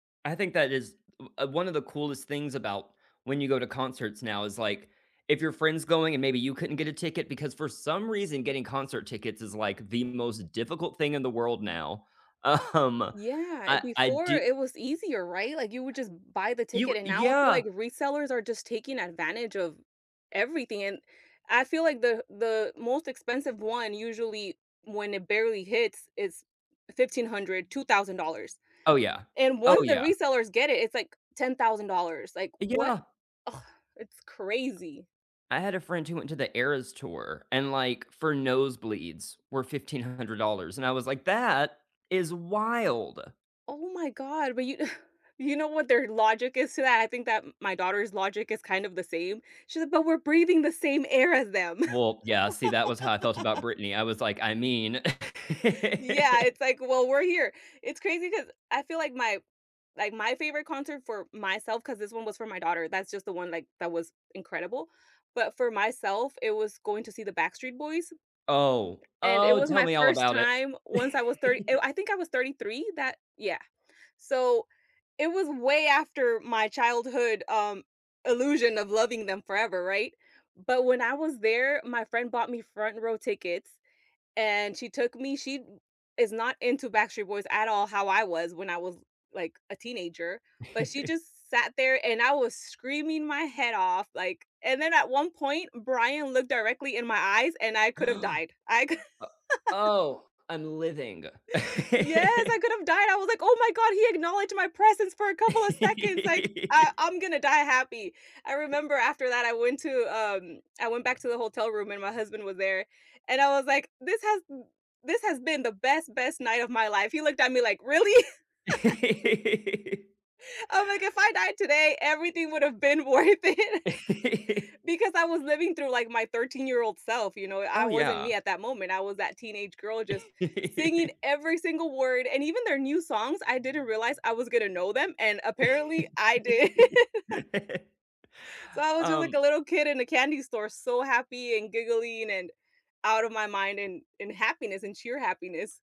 I think that is, l one of the coolest things about when you go to concerts now is, like, if your friend's going and maybe you couldn't get a ticket, because for some reason, getting concert tickets is, like, the most difficult thing in the world now, um, Yeah, eh, I I before do it was easier, right? Like, you would just buy the You ticket, Uh, and now I feel yeah. like resellers are just taking advantage of everything, and I feel like the the most expensive one, usually, when it barely hits is $1,500, $2,000, Oh, yeah. and Oh, once the yeah. resellers get it, it's, like, $10,000, like, Uh, "What? yeah Ugh, it's crazy!" I had a friend who went to The Eras Tour and, like, for nosebleeds were $1,500, and I was like, "That is wild!" Oh my god, but you you know what their logic is to that? I think that m my daughter's logic is kind of the same, she's like, "But we're breathing the same air as them." Well, yeah, see, that was how I felt about Britney, I was like, "I mean" Yeah, it's like, "Well, we're here," It's crazy 'cause I feel like my like, my favorite concert for myself 'cause this one was for my daughter, that's just the one, like, that was incredible, but for myself, it was going to see The Backstreet Boys, Oh. and it Oh, was tell my me all 1st about it! time Once I was 30 I w I think I was 33 that Yeah, so, it was way after my childhood, um, illusion of loving them forever, right? But when I was there, my friend bought me front-row tickets, and she took me She b is not into Backstreet Boys at all how I was when I was, like, a teenager, but she just sat there and I was screaming my head off, like, and then at one point Brian looked directly in my eyes and I could've O died, I c oh, I'm living! Yes, I could've died, I was like, "Oh my god, he acknowledged my presence for a couple of seconds!" like, "Uh, I'm gonna die happy!" I remember after that, I went to, um I went back to the hotel room and my husband was there, and I was like, "This has b this has been the best, best night of my life!" he looked at me like, "Really?" I'm like, "If I died today, everything would've been worth it" because I was living through, like, my thirteen-year-old self, you know, it I Oh, wasn't me yeah. at that moment, I was that teenage girl just singing every single word, and even their new songs, I didn't realize I was gonna know them, and apparently, I did. So, I was just like a Um little kid in a candy store, so happy and giggling, and out of my mind, and and happiness, and sheer happiness.